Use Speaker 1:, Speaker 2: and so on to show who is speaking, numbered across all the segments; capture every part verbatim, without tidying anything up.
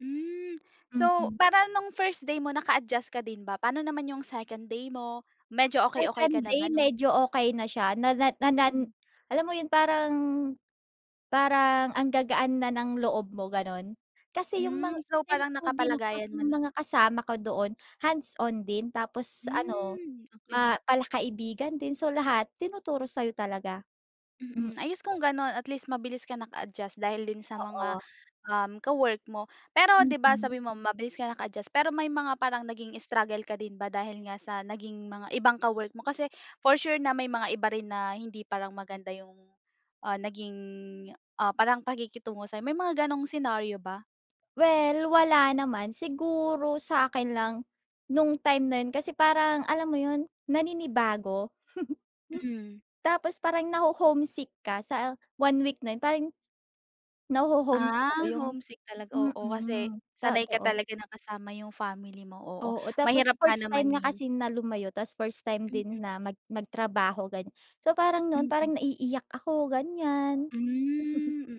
Speaker 1: Hmm. So,
Speaker 2: Mm.
Speaker 1: parang noong first day mo naka-adjust ka din ba? Pano naman yung second day mo, medyo okey okey
Speaker 2: Second
Speaker 1: ka na
Speaker 2: day,
Speaker 1: banung
Speaker 2: medyo okey na siya na na nan
Speaker 1: Mm.
Speaker 2: alam mo 'yon, parang parang ang gagaan na ng loob mo, ganon. Kasi yung mga
Speaker 1: Hmm, so parang
Speaker 2: thankful din ako kasi
Speaker 1: nakapalagayan mo
Speaker 2: 'yung
Speaker 1: na
Speaker 2: mga kasama ko doon, hands-on din tapos ano
Speaker 1: Hmm, okey.
Speaker 2: ma palakaibigan din so lahat tinuturo sa'yo talaga. Mm.
Speaker 1: Mm. Ayos kung ganon, at least mabilis kang naka-adjust dahil din sa mga,
Speaker 2: Oo.
Speaker 1: um, ka-work mo. Pero 'di ba
Speaker 2: Mm.
Speaker 1: sabi mo mabilis kang naka-adjust, pero may mga parang naging struggle ka din ba dahil nga sa naging mga ibang mga ka-work mo? Kasi, for sure, na may mga iba rin na hindi parang maganda yung, ah, naging, ah, parang pakikitungo sa'yo? May mga ganong senaryo ba?
Speaker 2: Well, wala naman. Siguro sa akin lang no'ng time na 'yon kasi parang alam mo 'yon, naninibago.
Speaker 1: Mm.
Speaker 2: Tapos parang naho-homesick ka sa one week na 'yon, parang naho-homesick
Speaker 1: Ah,
Speaker 2: ako, yung
Speaker 1: homesick talaga. Oo, kasi
Speaker 2: mm.
Speaker 1: sanay ka
Speaker 2: Totoo.
Speaker 1: talaga na kasama yung family mo. Oo,
Speaker 2: Oo, tapos
Speaker 1: mahirap nga
Speaker 2: first
Speaker 1: naman
Speaker 2: time nga
Speaker 1: 'yon.
Speaker 2: kasi na lumayo, tas first time din
Speaker 1: Mm.
Speaker 2: na mag magtrabaho ganyan. So parang noon
Speaker 1: Mm.
Speaker 2: parang naiiyak ako, ganyan.
Speaker 1: Hmm. Mm.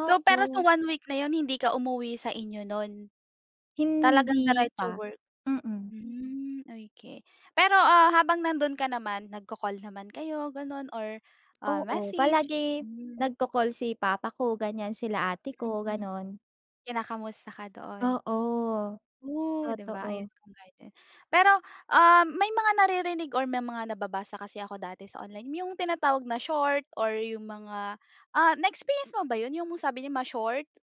Speaker 1: So, pero sa
Speaker 2: Oo.
Speaker 1: one-week na 'yon hindi ka umuwi sa inyo no'n? Talagang
Speaker 2: Hindi
Speaker 1: diretso
Speaker 2: pa.
Speaker 1: work?
Speaker 2: Mm.
Speaker 1: Hmm. Okey. Pero ah, habang nandoon ka naman nagko-call naman kayo, ganon, or ah,
Speaker 2: Oo,
Speaker 1: message?
Speaker 2: palagi
Speaker 1: Hmm.
Speaker 2: nagko-call si papa ko ganyan sila ate ko,
Speaker 1: Mm.
Speaker 2: ganon.
Speaker 1: Kinakamusta ka doon?
Speaker 2: Oo,
Speaker 1: Ooh di ba? Ayos
Speaker 2: totoo.
Speaker 1: kung. [unintelligible] Pero ah, may mga naririnig or may mga nababasa kasi ako dati sa online, yung tinatawag na short or yung mga ah na experience mo ba 'yon, yung sabi niya ma-short?